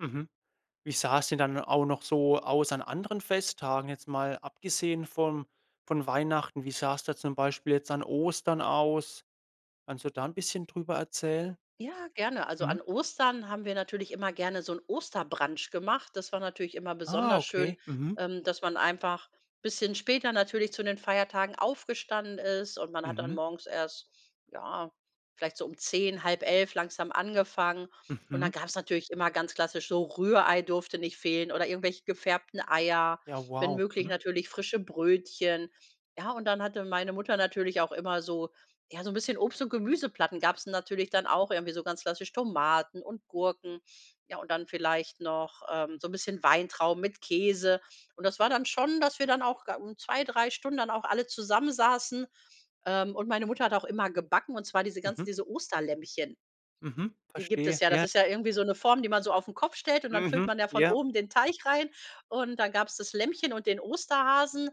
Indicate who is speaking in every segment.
Speaker 1: Mhm. Wie sah es denn dann auch noch so aus an anderen Festtagen, jetzt mal abgesehen von von Weihnachten? Wie sah es da zum Beispiel jetzt an Ostern aus? Kannst du da 'n bisschen drüber erzählen?
Speaker 2: Ja, gerne. Also
Speaker 1: Mhm.
Speaker 2: an Ostern haben wir natürlich immer gerne so 'n Osterbrunch gemacht. Das war natürlich immer
Speaker 1: Ah,
Speaker 2: besonders schön,
Speaker 1: okay. Mhm.
Speaker 2: ähm, dass man einfach bisschen später natürlich zu den Feiertagen aufgestanden ist und man hat dann
Speaker 1: Mhm.
Speaker 2: morgens erst, ja, vielleicht so um 10:00, 10:30 langsam angefangen und dann
Speaker 1: Mhm.
Speaker 2: gab's natürlich immer ganz klassisch so Rührei durfte nicht fehlen oder irgendwelche gefärbten Eier,
Speaker 1: Ja
Speaker 2: wenn
Speaker 1: wow.
Speaker 2: möglich
Speaker 1: Mhm.
Speaker 2: natürlich frische Brötchen. Ja, und dann hatte meine Mutter natürlich auch immer so ja, so 'n bisschen Obst und Gemüseplatten gab's natürlich dann auch irgendwie so ganz klassisch Tomaten und Gurken, ja, und dann vielleicht noch, ähm, so 'n bisschen Weintrauben mit Käse und das war dann schon, dass wir dann auch da un 2, 3 Stunden dann auch alle zusammen saßen, ähm, und meine Mutter hat auch immer gebacken, und zwar diese ganzen
Speaker 1: Mhm.
Speaker 2: diese Osterlämmchen.
Speaker 1: Mhm.
Speaker 2: Die gibt
Speaker 1: Verstehe.
Speaker 2: es. Ja, das
Speaker 1: Ja.
Speaker 2: ist ja irgendwie so 'ne Form, die man so auf 'n Kopf stellt, und dann füllt
Speaker 1: Mhm.
Speaker 2: man ja von
Speaker 1: Ja.
Speaker 2: oben den Teig rein, und dann gab's das Lämmchen und den Osterhasen.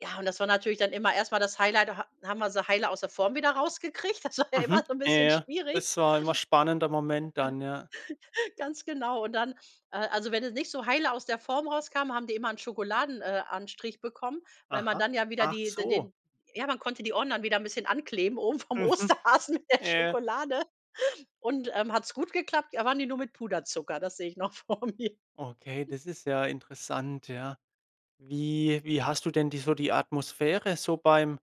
Speaker 2: Ja, und das war natürlich dann immer erst mal das Highlight da ha haben wir sie heile aus der Form wieder rausgekriegt das war ja immer
Speaker 1: Mhm.
Speaker 2: so 'n
Speaker 1: Ja,
Speaker 2: bisschen
Speaker 1: ja.
Speaker 2: schwierig.
Speaker 1: Es war immer spannender Moment dann, ja.
Speaker 2: Ganz genau, und dann äh, also wenn es nicht so heile aus der Form rauskam, haben die immer 'n Schokoladen äh, anstrich bekommen, weil man
Speaker 1: Aha.
Speaker 2: dann ja wieder
Speaker 1: Ach
Speaker 2: die d
Speaker 1: so.
Speaker 2: den ja, man konnte die Ohren dann wieder bisschen ankleben oben vom
Speaker 1: Mhm.
Speaker 2: Osterhasen mit der
Speaker 1: Ja.
Speaker 2: Schokolade, und, ähm, hat's gut geklappt, dann waren die nur mit Puderzucker das sehe ich noch vor mir.
Speaker 1: Okay, das ist ja interessant, ja. Wie wie hast du denn die so die Atmosphäre so beim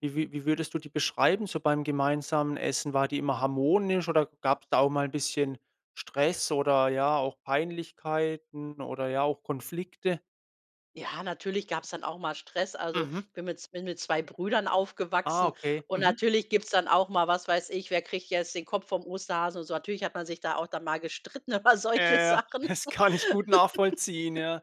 Speaker 1: wie wie wie würdest du die beschreiben so beim gemeinsamen Essen? War die immer harmonisch oder gab's da auch mal bisschen Stress oder, ja, auch Peinlichkeiten oder, ja, auch Konflikte?
Speaker 2: Ja, natürlich gab's dann auch mal Stress. Also,
Speaker 1: Mhm.
Speaker 2: ich bin mit z bin mit 2 Brüdern
Speaker 1: Ah,
Speaker 2: aufgewachsen
Speaker 1: okay.
Speaker 2: und
Speaker 1: Mhm.
Speaker 2: natürlich gibt's dann auch mal was weiß ich, wer kriegt jetzt den Kopf vom Osterhasen und so. Natürlich hat man sich da auch dann mal gestritten über solche
Speaker 1: Äh,
Speaker 2: Sachen
Speaker 1: das kann ich gut nachvollziehen, ja,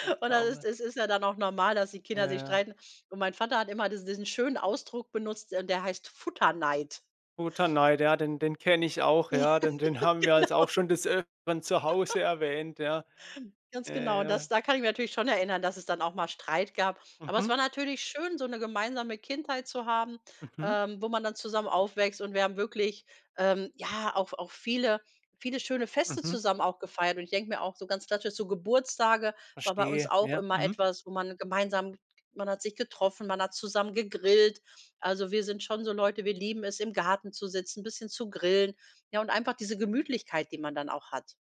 Speaker 1: dass
Speaker 2: und
Speaker 1: da
Speaker 2: dann
Speaker 1: auch
Speaker 2: ist
Speaker 1: mal
Speaker 2: es ist ja dann auch normal, dass die
Speaker 1: Ja,
Speaker 2: Kinder sich
Speaker 1: ja.
Speaker 2: streiten, und mein Vater hat immer dies diesen schönen Ausdruck benutzt, und der heißt Futterneid.
Speaker 1: Futterneid, ja, den den kenne ich auch,
Speaker 2: Ja,
Speaker 1: ja, den den haben wir also auch
Speaker 2: genau.
Speaker 1: schon das Öfteren zu Hause erwähnt, ja.
Speaker 2: Ganz
Speaker 1: Ja,
Speaker 2: genau, und
Speaker 1: ja.
Speaker 2: das da kann ich mich natürlich schon erinnern, dass es dann auch mal Streit gab, aber es
Speaker 1: Mhm.
Speaker 2: war natürlich schön, so 'ne gemeinsame Kindheit zu haben,
Speaker 1: Mhm.
Speaker 2: ähm, wo man dann zusammen aufwächst und wir haben wirklich, ähm, ja, auch auch viele viele schöne Feste
Speaker 1: Mhm.
Speaker 2: zusammen auch gefeiert und ich denke mir auch so ganz klassisch, so Geburtstage war bei uns
Speaker 1: Verstehe.
Speaker 2: auch
Speaker 1: Ja.
Speaker 2: immer
Speaker 1: Mhm.
Speaker 2: etwas, wo man gemeinsam man hat sich getroffen, man hat zusammen gegrillt also, wir sind schon so Leute, wir lieben es, im Garten zu sitzen, 'n bisschen zu grillen, ja, und einfach diese Gemütlichkeit, die man dann auch hat.